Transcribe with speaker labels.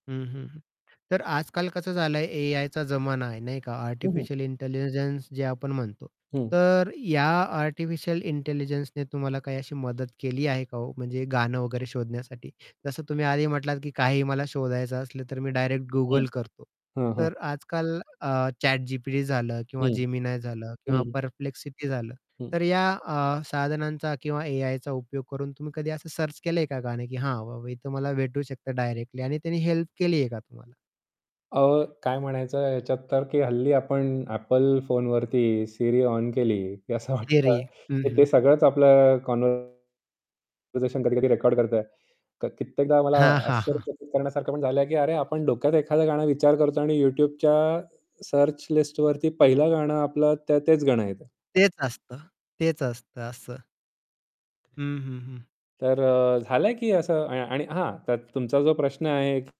Speaker 1: हं, हं. तर आज-काल कसं झालंय, एआयचा जमाना आहे नाही का?
Speaker 2: हं, हं.
Speaker 1: आर्टिफिशियल इंटेलिजन्स जे आपण म्हणतो.
Speaker 2: हं.
Speaker 1: तर या आर्टिफिशियल इंटेलिजन्सने तुम्हाला काही अशी मदत केली आहे का ओ, म्हणजे गाणं वगैरे शोधण्यासाठी? जसं तुम्ही आधी म्हटलात की काही मला शोधायचं असलं, तर मी डायरेक्ट
Speaker 2: हं,
Speaker 1: Google करतो.
Speaker 2: हां, हां.
Speaker 1: तर आज-काल अ, ChatGPT झालं किंवा
Speaker 2: हं.
Speaker 1: Gemini झालं
Speaker 2: हं,
Speaker 1: किंवा
Speaker 2: हं.
Speaker 1: Perplexity झालं,
Speaker 2: हं.
Speaker 1: तर या अ, साधनांचा किंवा एआयचा उपयोग करून तुम्ही कधी असं सर्च केलंय का नाही, की "हां, बाबा इथे मला भेटू शकत डायरेक्टली," आणि त्यांनी हेल्प केली आहे का तुम्हाला?
Speaker 2: अहो, काय म्हणायचं, ह्याच्यात तर की हल्ली आपण Apple फोनवरती Siri ऑन केली की असं वाटतं.
Speaker 1: थियरी. हं,
Speaker 2: ते
Speaker 1: हं.
Speaker 2: सगळंच आपलं कॉन्वरसेशन कधी-कधी रेकॉर्ड करतोय. क कित्येकदा मला
Speaker 1: हां, हां, हां.
Speaker 2: आश्चर्यचकीत करण्यासारखं पण झालंय की "अरे, आपण डोक्यात एखादं गाणं विचार करतो आणि YouTubeच्या सर्च लिस्टवरती पहिलं गाणं आपलं त तेच गाणं येतं."
Speaker 1: तेच असतं. तेच असतं. असं. हं, हं, हं.
Speaker 2: तर अ, झालाय की असं अ, आ आणि हां. तर तुमचा जो प्रश्न आहे